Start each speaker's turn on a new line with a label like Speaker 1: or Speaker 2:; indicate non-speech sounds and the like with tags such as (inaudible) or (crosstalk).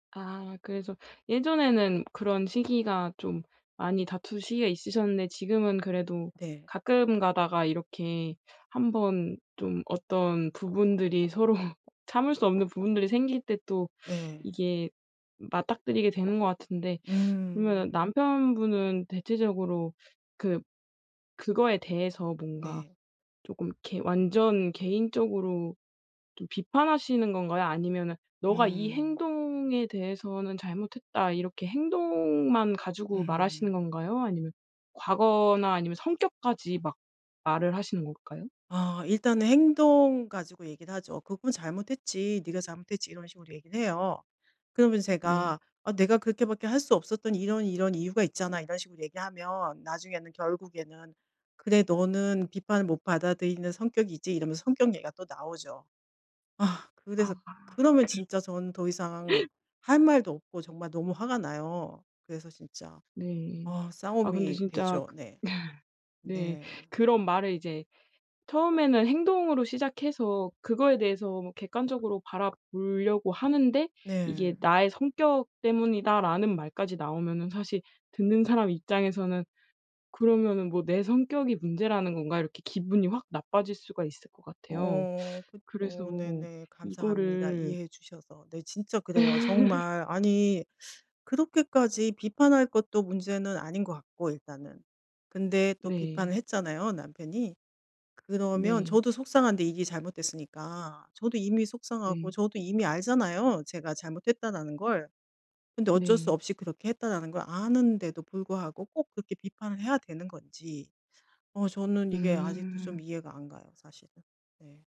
Speaker 1: 아 그래서 예전에는 그런 시기가 좀 많이 다툰 시기가 있으셨는데 지금은 그래도
Speaker 2: 네.
Speaker 1: 가끔 가다가 이렇게 1 번 좀 어떤 부분들이 서로 참을 수 없는 부분들이 생길 때 또
Speaker 2: 네.
Speaker 1: 이게 맞닥뜨리게 되는 것 같은데. (sucks teeth) 그러면은
Speaker 2: 음.
Speaker 1: 남편분은 대체적으로 그 그거에 대해서 뭔가
Speaker 2: 네.
Speaker 1: 조금 이렇게 완전 개인적으로 좀 비판하시는 건가요? 아니면은 "너가 이
Speaker 2: 음.
Speaker 1: 행동에 대해서는 잘못했다." 이렇게 행동만 가지고 말하시는
Speaker 2: (laughs)
Speaker 1: 건가요? 아니면 과거나 아니면 성격까지 막 말을 하시는 걸까요?
Speaker 2: 아 일단은 행동 가지고 얘기를 하죠. "그건 잘못했지. 네가 잘못했지." 이런 식으로 얘기를 해요. 그러면
Speaker 1: 네.
Speaker 2: 제가 "아 내가 그렇게 밖에 할 수 없었던 이런 이런 이유가 있잖아." 이런 식으로 얘기하면 나중에는 결국에는 "그래. 너는 비판을 못 받아들이는 성격이지." 이러면서 성격 얘기가 또 나오죠. 아 그래서
Speaker 1: 아하.
Speaker 2: 그러면
Speaker 1: 그
Speaker 2: 진짜 저는 더 이상 할 말도 없고 정말 너무 화가 나요. 그래서 진짜
Speaker 1: 네.
Speaker 2: 어
Speaker 1: 아 근데
Speaker 2: 싸움이
Speaker 1: 진짜
Speaker 2: 되죠.
Speaker 1: 그
Speaker 2: 네.
Speaker 1: (laughs) 네.
Speaker 2: 네.
Speaker 1: 그런 말을 이제 처음에는 행동으로 시작해서 그거에 대해서 뭐 객관적으로 바라보려고 하는데 이게
Speaker 2: 네.
Speaker 1: "나의 성격 때문이다."라는 말까지 나오면은 사실 듣는 사람 입장에서는 그러면은 '뭐 내 성격이 문제라는 건가?' 이렇게 기분이 확 나빠질 수가 있을 것 같아요.
Speaker 2: 어.
Speaker 1: (sucks teeth) 그래서
Speaker 2: 그쵸. 네네. 감사합니다,
Speaker 1: 이거를
Speaker 2: 이해해 주셔서. 네. 진짜 그래요.
Speaker 1: (laughs)
Speaker 2: 정말. 아니 (sucks teeth) 그렇게까지 비판할 것도 문제는 아닌 것 같고 일단은. 근데 또
Speaker 1: 네.
Speaker 2: 비판을 했잖아요, 남편이ㅡ 그러면
Speaker 1: 네.
Speaker 2: 저도 속상한데 이게 잘못됐으니까. 저도 이미 속상하고
Speaker 1: 네.
Speaker 2: 저도 이미 알잖아요, 제가 잘못했다라는 걸. 근데 어쩔 수
Speaker 1: 네.
Speaker 2: 없이 그렇게 했다라는 걸 아는데도 불구하고 꼭 그렇게 비판을 해야 되는 건지. 어 저는 이게 아직도 좀
Speaker 1: 음.
Speaker 2: 이해가 안 가요 사실은. 네.